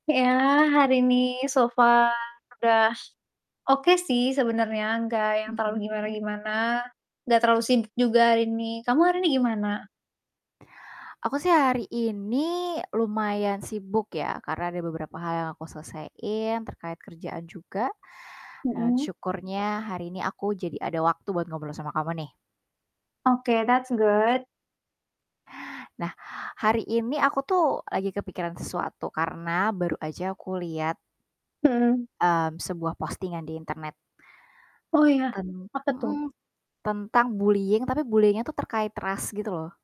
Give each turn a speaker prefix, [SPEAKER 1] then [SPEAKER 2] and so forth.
[SPEAKER 1] Ya, hari ini, so far udah oke sih sebenernya, gak yang terlalu
[SPEAKER 2] Mhm.
[SPEAKER 1] gimana-gimana, gak terlalu sibuk juga hari ini. Kamu hari ini gimana?
[SPEAKER 2] Aku sih hari ini lumayan sibuk ya, karena ada beberapa hal yang aku selesaiin terkait kerjaan juga. Dan
[SPEAKER 1] Mhm.
[SPEAKER 2] syukurnya hari ini aku jadi ada waktu buat ngobrol sama kamu nih.
[SPEAKER 1] Oke, that's good.
[SPEAKER 2] Nah, hari ini aku tuh lagi kepikiran sesuatu karena baru aja aku lihat
[SPEAKER 1] Mhm.
[SPEAKER 2] mmm, sebuah postingan di internet.
[SPEAKER 1] Oh ya?
[SPEAKER 2] Ten
[SPEAKER 1] Apa tuh?
[SPEAKER 2] mhm, tentang bullying tapi bullying-nya tuh terkait ras gitu loh.